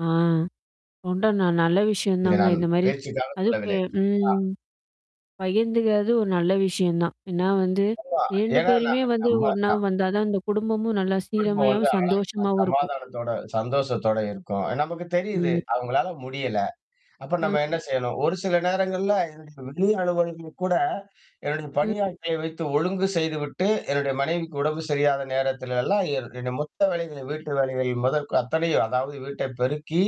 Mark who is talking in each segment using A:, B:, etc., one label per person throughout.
A: ஆ. உன்ட நான் நல்ல விஷயம்
B: இதை
A: தாங்க
B: நான்
A: இந்தமாரி.
B: பேச்சுக்காக
A: அதுப் பே
B: சொல்லவில்லை. ஆ.
A: ம். பகிர்ந்துக்கிறது ஒரு நல்ல விஷயம் தான். ஏன்னா வந்து
B: ஆமா.
A: 2
B: ஏன்னா
A: பேருமே
B: நான்
A: வந்து
B: நம்ம
A: ஒன்னா
B: நான்
A: வந்தா தான் அந்த குடும்பமும் நல்லா
B: குடும்பம் வந்து
A: சீரமையாவும்
B: அழகா
A: சந்தோஷமாவும் இருக்கும்.
B: சமாதானத்தோட சந்தோஷத்தோட இருக்கும். நமக்கு தெரியுது.
A: ம்.
B: அவுங்களால முடியல. அப்ப நம்ம என்ன
A: ம்.
B: செய்யணும்? ஒரு சில நேரங்கள்ல [unintelligible] கூட என்னுடைய
A: ம்.
B: பணியாட்களை வைத்து ஒழுங்கு செய்துவிட்டு, என்னுடைய மனைவிக்கு உடம்பு சரியில்லாத நேரத்தில எல்லாம் என் என்ன மொத்த வேலைகள் வீட்டு வேலைகள் முதற் அத்தனையும் அதாவது வீட்டை பெருக்கி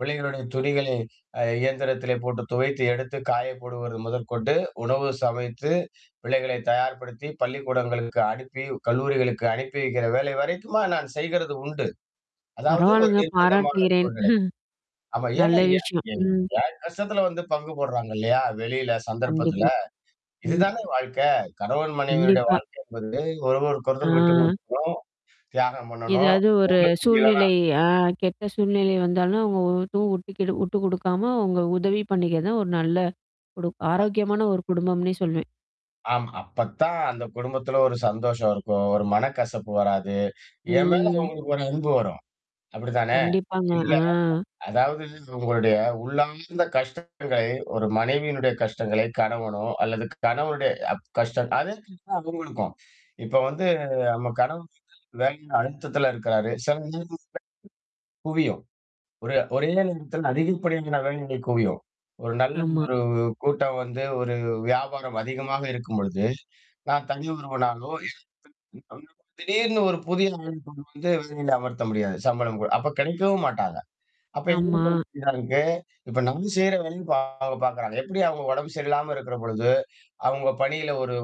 B: பிள்ளைகளுடைய துணிகளை அ இயந்திரத்திலே போட்டு துவைத்து எடுத்து காய போடுவது முதற்கொண்டு, உணவு சமைத்து பிள்ளைகளை தயார்படுத்தி, பள்ளிக்கூடங்களுக்கு அனுப்பி கல்லூரிகளுக்கு அனுப்பி வைக்கிற வேலை வரைக்குமா, நான் செய்கிறது உண்டு. அதாவது ஒரு
A: பரவால்லங்க
B: நிர்பந்தமான
A: பாராட்டுகிறேன்
B: சூழ்நிலை. ஆமா
A: நல்ல
B: ஏன்னா எ
A: விஷயம்.
B: என்
A: ம்.
B: கஷ்டத்துல வந்து பங்கு போடுறாங்க இல்லயா! வெளியில சந்தர்ப்பத்துல.
A: கண்டிப்பா. ம்.
B: இதுதானே வாழ்க்கை. கணவன் மனைவியருடைய
A: கண்டிப்பா.
B: வாழ்க்கை என்பது ஒருவருக்கொரு ஒருத்தர் விட்டு
A: ஆ.
B: கொடுத்துப்போம், தியாகம் பண்ணணும்.
A: ஏதாவது ஒரு
B: ஒடம்புக்கு முடியலானா
A: சூழ்நிலை ஆ கெட்ட சூழ்நிலை வந்தாலும், அவுங்க ஒவ்வொருத்தவுங்க [unintelligible] விட்டுக் குடுக்காம அவுங்க உதவி பண்ணிக்கிற தான் ஒரு நல்ல குடு
B: [unintelligible]
A: ஆரோக்கியமான ஒரு குடும்பம்னே சொல்வேன்.
B: ஆமா. அப்பத்தான் அந்த குடும்பத்துல ஒரு சந்தோஷம் இருக்கும். ஒரு மனக்கசப்பு வராது. என் மேல
A: ம்.
B: உங்களுக்கு ஒரு அன்பு வரும். அப்பிடிதானே!
A: கண்டிப்பாங்க,
B: இல்லயா!
A: ஆ.
B: அதாவது உங்களுடைய உள்ளார்ந்த கஷ்டங்கள் ஒரு மனைவியினுடைய கஷ்டங்களை, கணவனோ அல்லது கணவனுடைய அ கஷ்டம் அத மாரிதான் அவுங்களுக்கும். இப்ப வந்து நம்ம கணவன் [unintelligible] அழுத்தத்தில இருக்கிறாரு. சில [unintelligible] புரியும். ஒரு ஒரே நிமிஷத்தில் அதிகப்படியான வேலைகள் குவியும். ஒரு நல்ல
A: ஆமா.
B: ஒரு கூட்டம் வந்து ஒரு வியாபாரம் அதிகமாக இருக்கும்பொழுது, நான் தனி ஒருவனாகவோ, [unintelligible] திடீர்னு ஒரு புதிய ஆள கொண்டு வந்து வேலையில் அமர்த்த முடியாது. சம்பளம் குடு அப்படி கிடைக்கவும் மாட்டாங்க. அப்ப
A: ஆமா.
B: [unintelligible] இப்ப நம்ம செய்ற வேலய இப்ப அவுங்க பாக்குறாங்க. எப்பிடி அவுங்க உடம்பு சரியில்லாம இருக்கிறபொழுது, அவுங்க பணியில ஒரு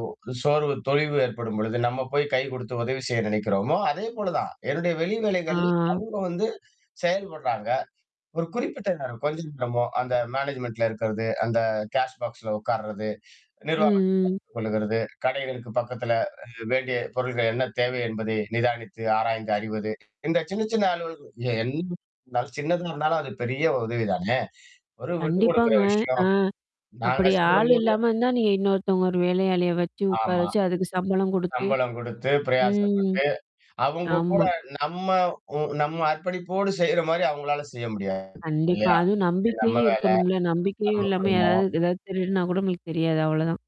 B: சோர்வு தொய்வு ஏற்படும்பொழுது, நம்ம போய் கை குடுத்து உதவி செய்ய நினைக்கிறோமோ! அதேபோல தான். என்னுடைய வெளி வேலைகள்ல
A: ஆ.
B: அவுங்க வந்து செயல்படுறாங்க. ஒரு குறிப்பிட்ட நேரம். கொஞ்ச நேரமோ அந்த மேனேஜ்மென்ட்ல இருக்கிறது, அந்த கேஷ் பாக்ஸ்ல உட்கார்றது,
A: ம்,
B: நிர்வாக
A: ம்.
B: [unintelligible] கொள்ளுகிறது. கடைகளுக்கு பக்கத்தில அ வேண்டிய பொருட்கள் என்ன தேவை என்பதை நிதானித்து, ஆராய்ந்து அறிவது, இந்த சின்ன, சின்ன அலுவல்கள் என்ன இருந்தாலும், சின்னதா இருந்தாலும் அது பெரிய உதவிதானே! ஒரு விட்டு குடுக்குற
A: கண்டிப்பாங்க. ஆ.
B: விஷயம். நான்
A: அப்பிடி ஆள்
B: கஷ்டப்படும்போது
A: இல்லாம இருந்தா, நீங்க இன்னொருத்தவுங்க ஒரு வேலையாளிய வச்சு உட்கார
B: ஆமா.
A: வச்சு அதுக்கு சம்பளம் குடுத்து
B: சம்பளம் குடுத்து
A: ம்.
B: பிரயாசப்பட்டு. அவுங்க கூட
A: ஆமா.
B: நம்ம உ நம்ம அர்ப்பணிப்போடு செய்றமாரி அவுங்களால செய்ய முடியாது.
A: கண்டிப்பா.
B: இல்லயா!
A: அதுவும்
B: இது நம்ம
A: நம்பிக்கையும்
B: வேல.
A: இருக்கணும்ல.
B: நம்ம
A: நம்பிக்கையும் இல்லாம யாராவது,
B: குடும்பம்.
A: எதாவது திருடுனா கூட நம்மளுக்கு தெரியாது. அவ்ளதான்.